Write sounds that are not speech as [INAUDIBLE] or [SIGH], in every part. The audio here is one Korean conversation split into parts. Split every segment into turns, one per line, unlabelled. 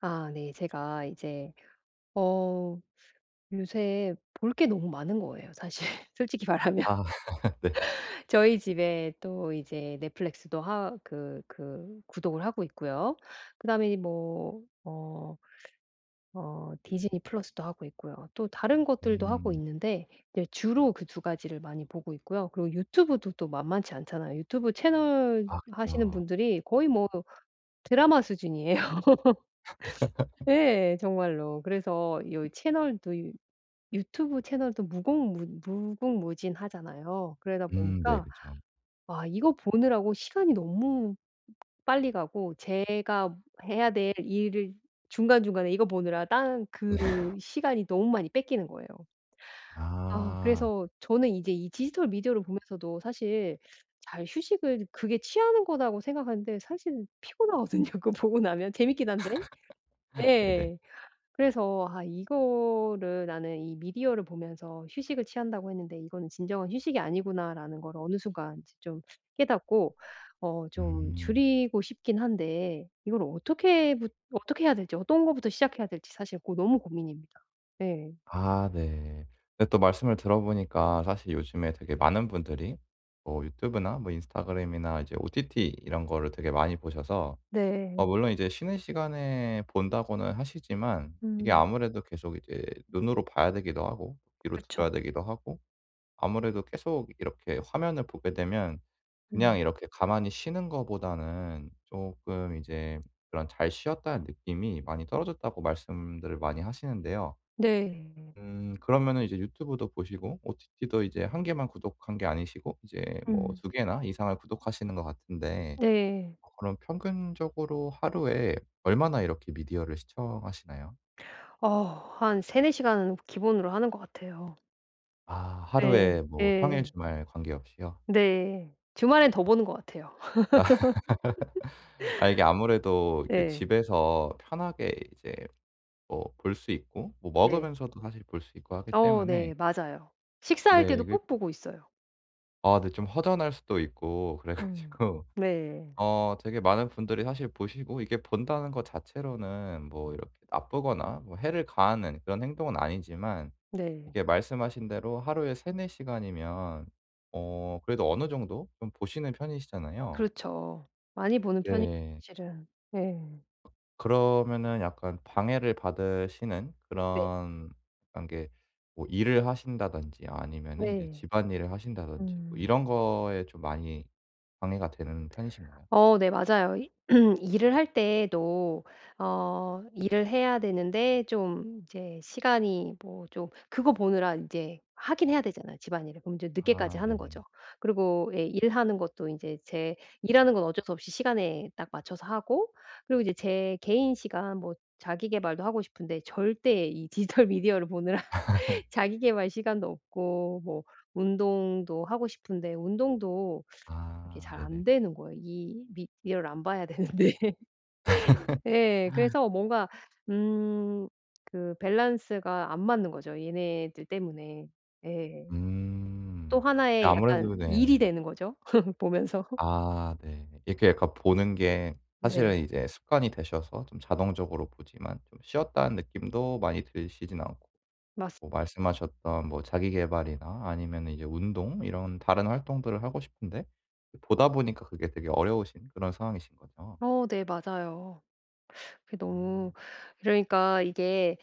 아 네. 제가 이제 어 요새 볼 게 너무 많은 거예요 사실 솔직히 말하면.
아 [LAUGHS] 네.
[LAUGHS] 저희 집에 또 이제 넷플릭스도 하 그 그 구독을 하고 있고요. 그다음에 이제 뭐 어 어 디즈니 플러스도 하고 있고요. 또 다른 것들도 하고
음.
있는데 네 주로 그 2 가지를 많이 보고 있고요. 그리고 유튜브도 또 만만치 않잖아요. 유튜브 채널
아
하시는
그쵸.
분들이 거의 뭐 드라마 수준이에요. [LAUGHS]
[LAUGHS]
예 정말로. 그래서 여기 채널도 유 유튜브 채널도 무궁무 무궁무진 하잖아요. 그러다
음. 네
보니까
그쵸.
아 이거 보느라고 시간이 너무 빨리 가고 제가 해야 될 일을 중간중간에 이거 보느라 딴 그
[LAUGHS]
시간이 너무 많이 뺏기는 거예요. 아
아.
그래서 저는 이제 이 디지털 미디어를 보면서도 사실 잘 휴식을 그게 취하는 거라고 생각하는데 사실은 피곤하거든요 그거 보고 나면 재밌긴 한데.
[LAUGHS] 네네.
예. 그래서 '아 이거를 나는 이 미디어를 보면서 휴식을 취한다고 했는데 이거는 진정한 휴식이 아니구나.'라는 거를 어느 순간 이제 좀 깨닫고 어 좀
음.
줄이고 싶긴 한데. 이거를 어떻게 부 어떻게 해야 될지 어떤 거부터 시작해야 될지 사실 고 너무 고민입니다. 네.
아 네. 근데 또 말씀을 들어보니까 사실 요즘에 되게 많은 분들이 뭐 유튜브나 뭐 인스타그램이나 이제 OTT 이런 거를 되게 많이 보셔서. 어
네.
물론 이제 쉬는 시간에 본다고는 하시지만 이게
음.
아무래도 계속 이제 눈으로 봐야 되기도 하고 귀로 들어야
그렇죠.
되기도 하고. 아무래도 계속 이렇게 화면을 보게 되면 그냥
음.
이렇게 가만히 쉬는 거보다는 쪼끔 이제 그런 잘 쉬었다는 느낌이 많이 떨어졌다고 말씀들을 많이 하시는데요.
네.
음 그러면은 이제 유튜브도 보시고 OTT도 이제 1 개만 구독한 게 아니시고 이제 뭐
음.
2 개나 이상을 구독하시는 것 같은데
네.
어 그럼 평균적으로 하루에 얼마나 이렇게 미디어를 시청하시나요?
어. 한 3-4 시간은 기본으로 하는 것 같아요.
아 하루에
네.
뭐 평일
예.
주말 관계없이요?
네. 주말에는 더
아.
보는 것 같아요.
[LAUGHS] 아 이게
[LAUGHS]
아무래도 이게
네.
집에서 편하게 이제 뭐 볼 수 있고 뭐
네.
먹으면서도 사실 볼 수 있고 하기
어
때문에
네 맞아요. 식사할
네.
때도
그
꼭 보고 있어요.
아 네 좀 허전할 수도 있고 그래
음.
가지고.
네.
어 되게 많은 분들이 사실 보시고 이게 본다는 것 자체로는 뭐 이렇게 나쁘거나 뭐 해를 가하는 그런 행동은 아니지만
네.
이게 말씀하신 대로 하루에 3-4 시간이면 어 그래도 어느 정도 좀 보시는 편이시잖아요.
그렇죠. 많이 보는 편이
네.
사실은. 네.
그러면은 약간 방해를 받으시는
네.
그런 그런 게 뭐 일을 하신다든지 아니면은 이제
네.
집안일을 하신다든지 뭐
음.
이런 거에 좀 많이 방해가 되는 편이신가요?
어 네 맞아요. 이 [CLEARS THROAT] 일을 할 때도 어 일을 해야 되는데 좀 이제 시간이 뭐 좀 그거 보느라 이제 하기는 해야 되잖아요 집안일을. 그럼 이제 늦게까지
아
하는
네네.
거죠. 그리고 일하는 것도 인제 제 일하는 건 어쩔 수 없이 시간에 딱 맞춰서 하고 그리고 이제 제 개인 시간 뭐 자기 계발도 하고 싶은데 절대 이 디지털 미디어를 보느라 [LAUGHS]
[LAUGHS]
자기 계발 시간도 없고 뭐 운동도 하고 싶은데 운동도 [SUCKS TEETH] 그렇게
아.
잘
네네.
안되는 거예요. 이 미디어를 안 봐야 되는데. [LAUGHS] 예.
[LAUGHS]
그래서 뭔가 음 그 밸런스가 안 맞는 거죠, 얘네들 때문에. 예. 또
음.
1 의
아무래도
약간 일이
네.
되는 거죠 [LAUGHS] 보면서. [LAUGHS]
아 네. 이렇게 약간 보는 게
네.
사실은 이제 습관이 되셔서 좀 자동적으로 보지만 좀 쉬었다는 느낌도 많이 드시지는 않고
맞습
뭐 말씀하셨던 뭐 자기 계발이나 아니면은 이제 운동 이런 다른 활동들을 하고 싶은 데 보다 보니까 그게 되게 어려우신 그런 상황이신 거죠?
어 네 맞아요. [SUCKS TEETH] 그게 너무
음.
그러니까 이게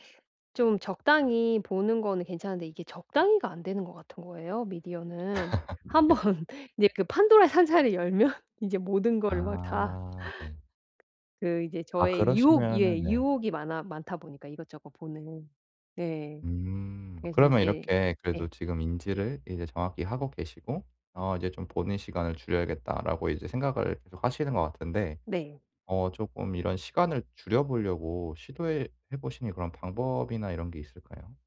좀 적당히 보는 거는 괜찮은데 이게 적당히가 안 되는 것 같은 거예요 미디어는.
[LAUGHS]
1 번
네.
이제 그 판도라의 상자를 열면 이제 모든 거를 막 다
아 네.
그 이제
아
저의 유혹
그러시면은
예
네.
유혹이 많아 많다 보니까 이것저것 보는. 네.
음.
그래서
그러면
이게
이렇게 그래도
예.
지금 인지를 이제 정확히 하고 계시고 '어 이제 좀 보는 시간을 줄여야겠다.'라고 이제 생각을 계속하시는 것 같은데
네.
어 쪼끔 이런 시간을 줄여 보려고 시도해 해 보시는 그런 방법이나 이런 게 있을까요?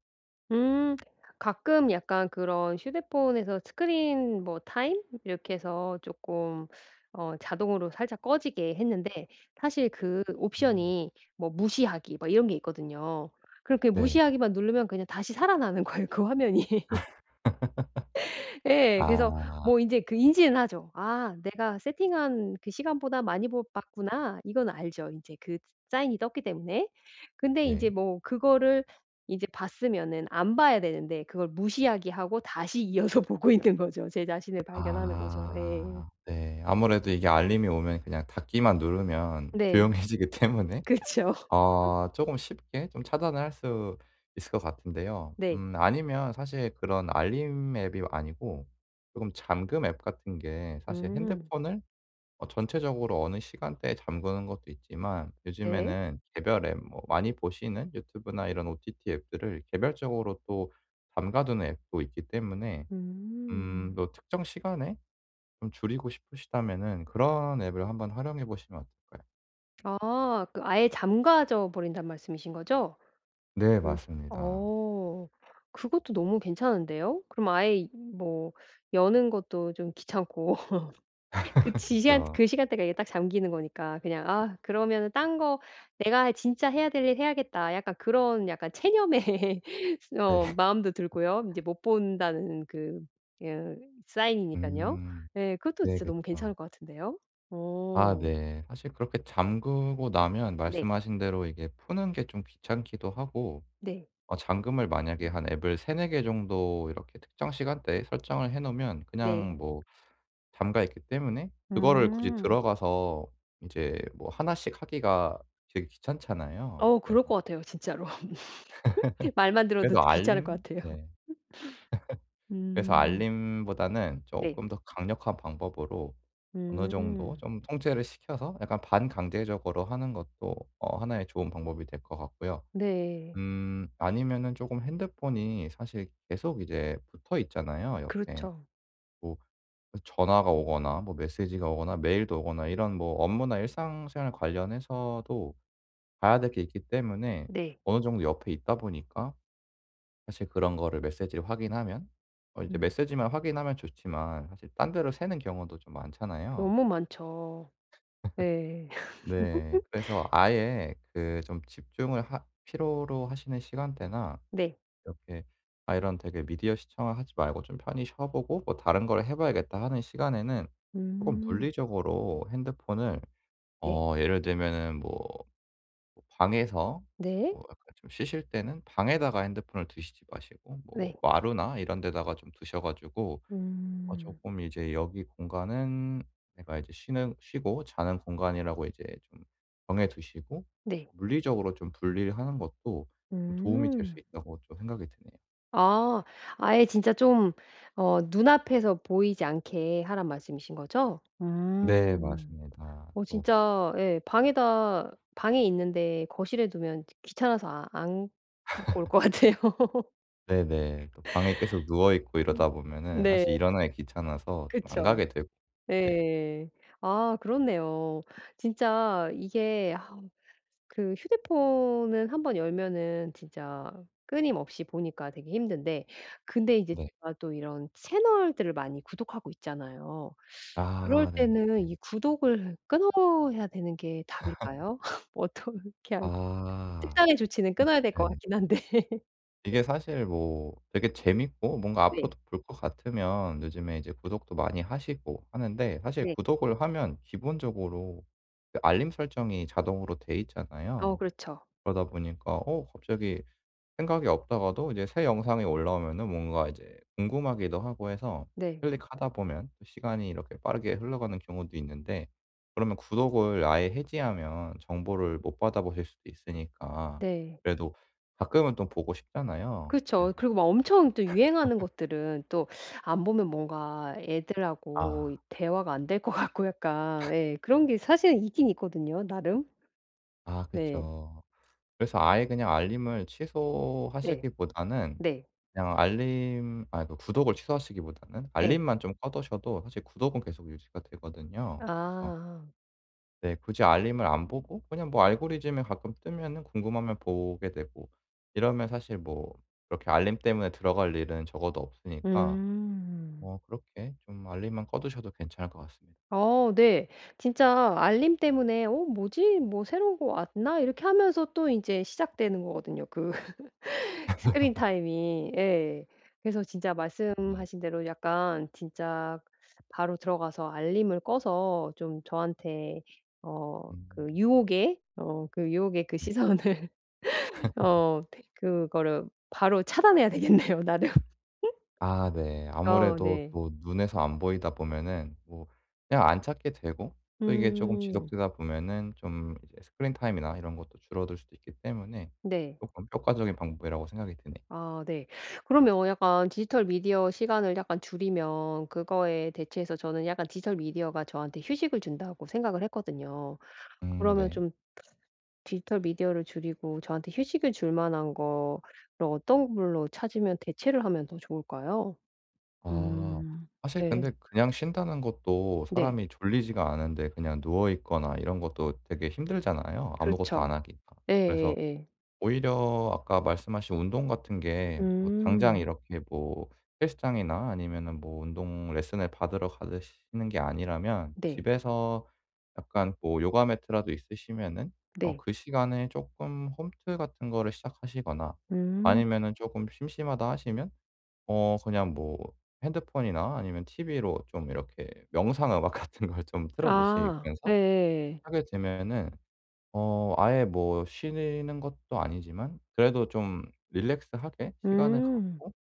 음. 가끔 약간 그런 휴대폰에서 스크린 뭐 타임 이렇게 해서 쪼끔 어 자동으로 살짝 꺼지게 했는데 사실 그
음.
옵션이 뭐 무시하기 뭐 이런 게 있거든요. 그렇게
네.
무시하기만 누르면 그냥 다시 살아나는 거예요 그 화면이. [LAUGHS]
[LAUGHS]
예. 그래서
아.
뭐 인제 그 인지는 하죠. '아 내가 세팅한 그 시간보다 많이 보 봤구나.' 이건 알죠 이제 그 사인이 떴기 때문에. 근데 이제
네.
뭐 그거를 이제 봤으면은 안 봐야 되는데 그걸 무시하기 하고 다시 이어서 보고 있는 거죠. 제 자신을 발견하는 거죠. 예.
아 네. 아무래도 이게 알림이 오면 그냥 닫기만 누르면
네.
조용해지기 때문에
그쵸. [LAUGHS]
어 쪼금 쉽게 좀 차단을 할 수 있을 것 같은데요.
네.
음 아니면 사실 그런 알림 앱이 아니고 쪼금 잠금 앱 같은 게 사실
음.
핸드폰을 어 전체적으로 어느 시간대에 잠그는 것도 있지만
네.
요즘에는 개별 앱 뭐 많이 보시는 유튜브나 이런 ott 앱들을 개별적으로 또 잠가두는 앱도 있기 때문에 음
음.
뭐 특정 시간에 좀 줄이고 싶으시다면은 그런 앱을 한번 활용해 보시면 어떨까요?
아. 그 '아예 잠가져 버린다.'는 말씀이신 거죠?
네
그 시
맞습니다.
어. 그것도 너무 괜찮은데요? 그럼 아예 이 뭐 여는 것도 좀 귀찮고. 그
[LAUGHS]
지시한
그쵸.
그 시간대가 이게 딱 잠기는 거니까 그냥 아 그러면은 딴 거 '내가 할 진짜 해야 될 일 해야겠다.' 약간 그런 약간 체험의 [LAUGHS] 스
네.
어 마음도 들고요. '이제 못 본다.'는 그 으 사인이니깐요.
음.
예. 그것도
네
진짜 너무 괜찮을
그쵸.
것 같은데요?
아
어.
네. 사실 그렇게 잠그고 나면
네.
말씀하신 대로 이게 푸는 게 좀 귀찮기도 하고
네.
어 잠금을 만약에 한 앱을 3-4 개 정도 이렇게 특정 시간대에 설정을 해 놓으면 그냥
네.
뭐 잠겨 있기 때문에 그거를 굳이
음.
들어가서 이제 뭐 1 씩 하기가 되게 귀찮잖아요.
어 그럴
그래서
것 같아요 진짜로. [LAUGHS] 말만
[LAUGHS]
들어도
그래도
귀찮을 것
알림
같아요.
네. [LAUGHS] 그래서
[LAUGHS]
알림보다는
네.
쪼끔 더 강력한 방법으로 어느 정도
음.
좀 통제를 시켜서 약간 반강제적으로 하는 것도 어 하나의 좋은 방법이 될 것 같고요.
네.
음 아니면은 쪼금 핸드폰이 사실 계속 이제 붙어 있잖아요 옆에.
그렇죠.
뭐 전화가 오거나 뭐 메시지가 오거나 메일도 오거나 이런 뭐 업무나 일상생활 관련해서도 봐야 될 게 있기 때문에
네.
어느 정도 옆에 있다 보니까 사실 그런 거를 메시지를 확인하면 어 이제
음.
메시지만 확인하면 좋지만 사실 딴 데로 새는 경우도 좀 많잖아요?
너무 많죠.
[LAUGHS]
네.
네. 그래서
[LAUGHS]
아예 그 좀 집중을 하 필요로 하시는 시간대나
네.
이렇게 아 이런 되게 '미디어 시청을 하지 말고 좀 편히 쉬어보고 뭐 다른 걸 해 봐야겠다.' 하는 시간에는 쪼금
음.
물리적으로 핸드폰을
네.
어 예를 들면은 뭐 방에서
네.
뭐 약간 좀 쉬실 때는 방에다가 핸드폰을 두시지 마시고 뭐
네.
마루나 이런 데다가 좀 두셔 가지고 어
음.
쪼끔 이제 여기 공간은 내가 이제 쉬는 쉬고 자는 공간이라고 이제 좀 정해 두시고
네.
'물리적으로 좀 분리를 하는 것도 좀 도움이 될 수
음.
있다.'고 또 생각이 드네요.
아. 아예 진짜 좀 어 눈앞에서 보이지 않게 하라는 말씀이신 거죠?
네
음.
맞습니다.
어
또
진짜 예 방에다 방에 있는데 거실에 두면 지 귀찮아서 안 갖고 올 것
[LAUGHS]
같아요. [LAUGHS]
네네. 또 방에 계속 누워 있고 이러다
음
보면은
네.
사실 일어나기 귀찮아서 좀 안
그쵸.
가게 되고. 네.
네. 아 그렇네요. 진짜 이게 아 그 휴대폰은 한번 열면은 진짜 끊임없이 보니까 되게 힘든데 근데 이제
네.
제가 또 이런 채널들을 많이 구독하고 있잖아요. [SUCKS TEETH] 그럴
아
때는
네네네.
이 구독을 끊어야 되는 게
[LAUGHS]
답일까요? [LAUGHS] 어떻게 할
아.
특단의 조치는
이
끊어야 될
예.
것 같기는 한데.
이게
[LAUGHS]
사실 뭐 되게 재밌고 뭔가
네.
앞으로도 볼 것 같으면 요즘에 이제 구독도 많이 하시고 하는데 사실
네.
구독을 하면 기본적으로 그 알림 설정이 자동으로 돼
어
있잖아요.
그렇죠.
그러다 보니까 어 갑자기 생각이 없다가도 이제 새 영상이 올라오면은 뭔가 이제 궁금하기도 하고 해서
네.
클릭하다 보면 또 시간이 이렇게 빠르게 흘러가는 경우도 있는데 그러면 구독을 아예 해지하면 정보를 못 받아보실 수도 있으니까
네.
그래도 가끔은 또 보고 싶잖아요. 그래서
그쵸. 그리고 막 엄청 또 유행하는
[LAUGHS]
것들은 또 [SUCKS TEETH] 안 보면 뭔가 애들하고
아.
대화가 안 될 것 같고 약간
[LAUGHS]
예 그런 게 사실은 있기는 있거든요, 나름.
아
네.
그쵸. 그래서 아예 그냥 알림을
네.
취소하시기보다는
네.
그냥 알림 아 그러니까 구독을 취소하시기보다는
예.
알림만 좀 꺼 두셔도 사실 구독은 계속 유지가 되거든요. 그래서
아.
네, 굳이 알림을 안 보고 그냥 뭐 알고리즘에 가끔 뜨면은 궁금하면 보게 되고 이러면 사실 뭐 그렇게 알림 때문에 들어갈 일은 적어도 없으니까
음.
뭐 그렇게 좀 알림만 꺼 두셔도 괜찮을 것 같습니다.
어 네. 진짜 알림 때문에 '어 뭐지? 뭐 새로운 거 왔나?' 이렇게 하면서 또 인제 시작되는 거 거든요 그 [LAUGHS] 스크린
[LAUGHS]
타임이. 예. 그래서 진짜
예.
말씀하신 대로 약간 진짜 바로 들어가서 알림을 꺼서 좀 저한테 어
음.
그 유혹의, 어 그 유혹의 그
네.
시선을
[LAUGHS]
어 그거를 바로 차단해야 되겠네요 나름.
아 네.
[LAUGHS] 어
아무래도
네.
또 눈에서 안 보이다 보면은 뭐 그냥 안 찾게 되고 또 이게 쪼끔
음.
지속되다 보면은 좀 이제 스크린 타임이나 이런 것도 줄어들 수도 있기 때문에
네.
조금 효과적인 방법이라고 생각이 드네.
아 네. 그러면 약간 디지털 미디어 시간을 약간 줄이면 그거에 대체해서 저는 약간 디지털 미디어가 저한테 휴식을 준다고 생각을 했거든요.
음
그러면
네.
좀 [SUCKS TEETH] 디지털 미디어를 줄이고 저한테 휴식을 줄 만한 거를 어떤 걸로 찾으면 대체를 하면 더 좋을까요?
아
음
사실
네.
근데 그냥 쉰다는 것도
네.
사람이 졸리지가 않은데 그냥 누워 있거나 이런 것도 되게 힘들잖아요 아무것도 안
그렇죠.
하기가. 그래서
예예예.
오히려 아까 말씀하신 운동 같은 게 뭐 당장
음.
이렇게 뭐 헬스장이나 아니면은 뭐 운동 레슨을 받으러 가시는 게 아니라면
네.
집에서 약간 뭐 요가 매트라도 있으시면은 어
네.
그 시간에 쪼끔 홈트 같은 거를 시작하시거나
음.
아니면은 쪼금 심심하다 하시면 어 그냥 뭐 핸드폰이나 아니면 티브이로 좀 이렇게 명상 음악 같은 걸 좀 틀어
아
놓으시면서
예예예.
하게 되면은 어 아예 뭐 쉬는 것도 아니지만 그래도 좀 릴렉스 하게 시간을
음.
갖고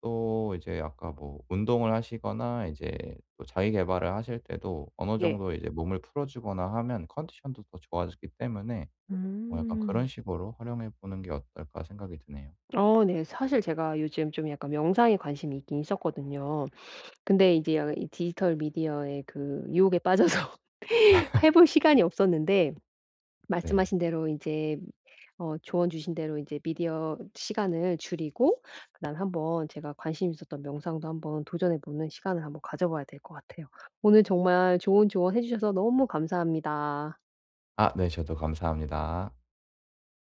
또 이제 아까 뭐 운동을 하시거나 이제 또 자기 계발을 하실 때도 어느
예.
정도 이제 몸을 풀어 주거나 하면 컨디션도 더 좋아지기 때문에 뭐 약간 '그런
음.
식으로 활용해 보는 게 어떨까.' 생각이 드네요.
어 네. 사실 제가 요즘 좀 약간 명상에 관심이 있기는 있었거든요. 근데 이제 이 디지털 미디어의 그 유혹에 빠져서 [LAUGHS]
[LAUGHS]
해 볼 시간이 없었는데
네.
말씀하신 대로 인제 어 조언 주신 대로 인제 미디어 시간을 줄이고 그다음에 한번 제가 관심 있었던 명상도 한번 도전해 보는 시간을 한번 가져 봐야 될 것 같아요. 오늘 정말 좋은 조언해 주셔서 너무 감사합니다.
아 네 저도 감사합니다.